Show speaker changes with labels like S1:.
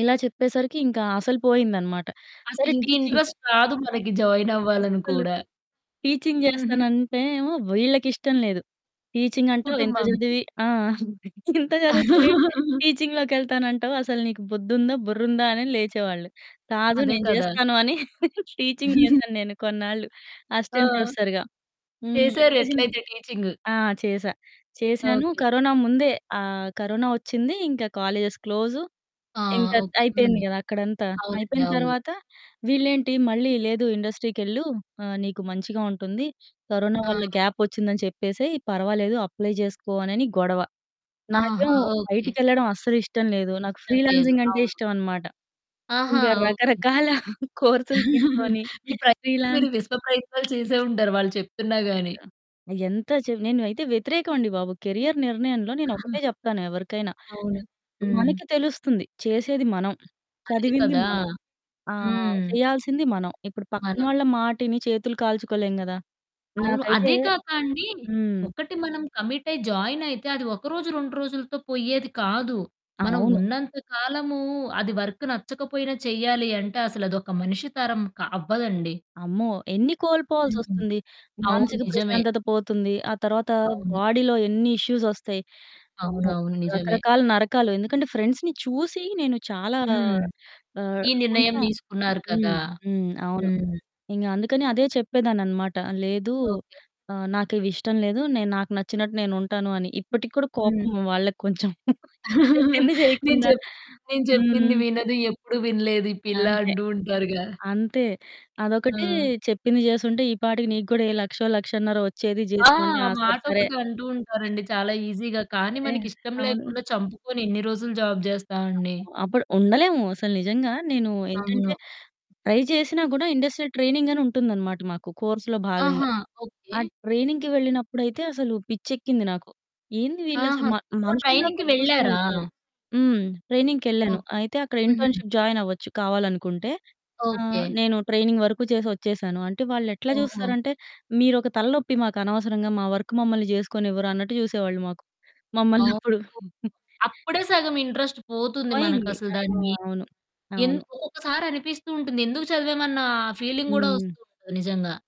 S1: ఇలా చెప్పేసరికి ఇంకా అసలు పోయిందనమాట. సరే టీచింగ్
S2: అసలింకింట్రస్ట్ రాదు మనకి, జాయినవ్వాలని
S1: అస్సలు.
S2: కూడా.
S1: టీచింగ్
S2: హుహు.
S1: జేస్తానంటే ఏమో, వీళ్ళకిష్టం లేదు. టీచింగంటావు ఇంత
S2: కుటుంబంకి.
S1: జదివి ఆ! అంతే. ఇంత జదువుకొని టీచింగ్‌లోకెళ్తానంటావు, అసలు నీకు బుద్దుందా, బుర్రుందా, అని లేచేవాళ్ళు. కాదు
S2: అదే
S1: నేను
S2: కదా!
S1: జేస్తాను అని టీచింగ్ జేశాను నేను కొన్నాళ్ళు,
S2: ఆ!
S1: అసిస్టెంట్ ప్రొఫెసర్‌గా. హ్మ్.
S2: చేశారు
S1: టీచింగ్.
S2: ఎట్లయితే, టీచింగు.
S1: ఆ! చేశా, చేశాను.
S2: ఓకే.
S1: కరోనా ముందే ఆహ్, కరోనా ఒచ్చిందీ, ఇంక కాలేజెస్ క్లోజు,
S2: ఆ!
S1: ఇంక త్
S2: ఓకే.
S1: అయిపోయింది
S2: హ్మ్.
S1: గదా అక్కడంతా.
S2: అవునండి.
S1: అయిపోయిన
S2: అవును.
S1: తర్వాత, వీళ్ళేంటి మళ్ళీ, "లేదు ఇండస్ట్రీకెళ్ళు ఆహ్, నీకు మంచిగా ఉంటుంది, కరోనా
S2: ఆ!
S1: వల్ల గ్యాపొచ్చిందని చెప్పేసెయి, పర్వాలేదు అప్లై జేసుకో" అనని గొడవ.
S2: ఆహా!
S1: నాకేమో
S2: ఓకే.
S1: బయటికెళ్ళడం అస్సలిష్టం లేదు. నాకు
S2: ఇష్టం లేదు.
S1: ఫ్రీలాన్సింగంటే
S2: అవును.
S1: ఇష్టవనమాట.
S2: ఆహా!
S1: ఇంగ
S2: ఓకే.
S1: రకరకాల కోర్సులు తీసుకోనీ,
S2: మీ ప్రయత్నం, మీరు విశ్వ
S1: ఫ్రీలాన్సింగ్
S2: ప్రయత్నాలు చేసే ఉంటారు వాళ్ళు చెప్తున్నా గానీ.
S1: ఆ! ఆహ్, ఎంత చెవ్ నేను అయితే వ్యతిరేకవండి బాబు. కెరియర్ నిర్ణయంలో, నేనొకటే
S2: ఆహా!
S1: జెప్తాను ఎవరికైనా,
S2: అవును. హ్మ్.
S1: మనకి తెలుస్తుంది, చేసేది మనం, హ్మ్,
S2: అదే
S1: చదివింది
S2: కదా!
S1: మనం, ఆహ్,
S2: హ్మ్.
S1: చెయ్యాల్సింది మనం. ఇప్పుడు పక్కన
S2: మనం.
S1: వాళ్ళ మాటిని చేతులు కాల్చుకోలేం గదా!
S2: అవును.
S1: నాకైతే
S2: అదే కాక అండీ,
S1: హ్మ్.
S2: ఒకటి మనం కమిటయి జాయినయితే, అది ఒకరోజు, 2 రోజులుతో పొయ్యేది కాదు. మనం
S1: అవును.
S2: ఉన్నంత కాలమూ అది వర్కు నచ్చకపోయినా, చెయ్యాలి అంటే, అసలదొక మనిషి తరం క అవ్వదండి.
S1: అమ్మో! ఎన్ని
S2: హుహు.
S1: కోల్పోవాల్సొస్తుంది,
S2: అవును.
S1: మానసిక
S2: నిజమే.
S1: ప్రశాంతత పోతుంది, ఆ తరవాతా
S2: అవును.
S1: బాడీలో ఎన్ని ఇష్యూసొస్తాయి. అమ్మో!
S2: అవునవును. నిజమే.
S1: రకరకాల నరకాలు. ఎందుకంటే, ఫ్రెండ్స్‌ని చూసి, నేను చాలా
S2: హ్మ్.
S1: ఆహ్,
S2: ఈ నిర్ణయం
S1: కొంచుం
S2: దీసుకున్నారు కదా!
S1: హ్మ్. హ్మ్. అవును.
S2: హ్మ్.
S1: ఇంగ అందుకనే అదే చెప్పేదాన్ననమాట, "లేదూ,
S2: ఓకే.
S1: ఆహ్, నాకివిష్టం లేదు. నేను నాకు నచ్చినట్టు నేనుంటాను" అని. ఇప్పటికి కూడా
S2: హ్మ్.
S1: కోపము వాళ్ళకు కొంచెం చెప్పింది
S2: నేను
S1: జెయకుండా
S2: జెప్ నేను జెప్పింది
S1: హ్మ్.
S2: వినదు, ఎప్పుడు వినలేదు ఈ పిల్ల
S1: అంతే.
S2: అంటూ ఉంటారుగా.
S1: అంతే. అదొకటీ,
S2: ఆ!
S1: చెప్పింది జేసుంటే, ఈ పాటికి నీకు గూడా ఏ లక్షో, లక్షన్నరో ఒచ్చేది
S2: ఆ!
S1: జీతం అంటే, ఆ! సరె, సరే.
S2: ఆటొకటి అంటూ ఉంటారండి, చాలా ఈజీగా. కానీ
S1: సరే.
S2: మనకిష్టం
S1: అవును.
S2: లేకుండా చంపుకొని, ఎన్ని రోజులు జాబ్ జేస్తా అండి.
S1: అమ్మో! అప్పుడు ఉండలేము. అసలు నిజంగా నేనూ ఏంటంటే,
S2: అవును.
S1: ట్రై చేసినా గూడా, ఇండస్ట్రియల్ ట్రైనింగనుంటుందనమాట మాకు, కోర్స్‌‌లో భాగంగా.
S2: ఆహా!
S1: ఆ
S2: ఓకే.
S1: ట్రైనింగ్‌కి వెళ్ళినప్పుడైతే, అసలు పిచ్చెక్కింది నాకు. ఏంది వీళ్ళసలు
S2: ఆహా!
S1: మ
S2: ఓహ్!
S1: మనుషుల్లా
S2: ట్రైనింగ్‌కి
S1: కూడా చూసేవాళ్ళు
S2: వెళ్లారా?
S1: కాదు. హ్మ్. ట్రైనింగ్‌కెళ్ళాను.
S2: ఓహ్!
S1: అయితే, అక్కడ
S2: హుహు.
S1: ఇంటర్న్‌షిప్ జాయినవ్వచ్చు, కావాలనుకుంటే. ఆహ్,
S2: ఓకే.
S1: నేను ట్రైనింగ్ వరుకు చేసొచ్చేశాను. అంటే, వాళ్ళెట్లా
S2: ఓహో!
S1: జూస్తారంటే, మీరొక తల నొప్పి మాకనవసరంగా, మా వర్కు మమ్మల్ని జేసుకోనివ్వరు, అన్నట్టు జూసేవాళ్ళు మాకు.
S2: అవును.
S1: మమ్మల్నప్పుడు.
S2: అప్పుడే సగం ఇంట్రస్ట్ పోతుంది
S1: పోయింది.
S2: మనకసలు
S1: అ!
S2: దాని మీద.
S1: అవును. అవును.
S2: ఎందుకో ఒక్కసారనిపిస్తూ ఉంటుంది. ఎందుకు చదివామన్నా ఫీలింగ్ గూడా
S1: హ్మ్.
S2: ఒస్తూ ఉంటది నిజంగా.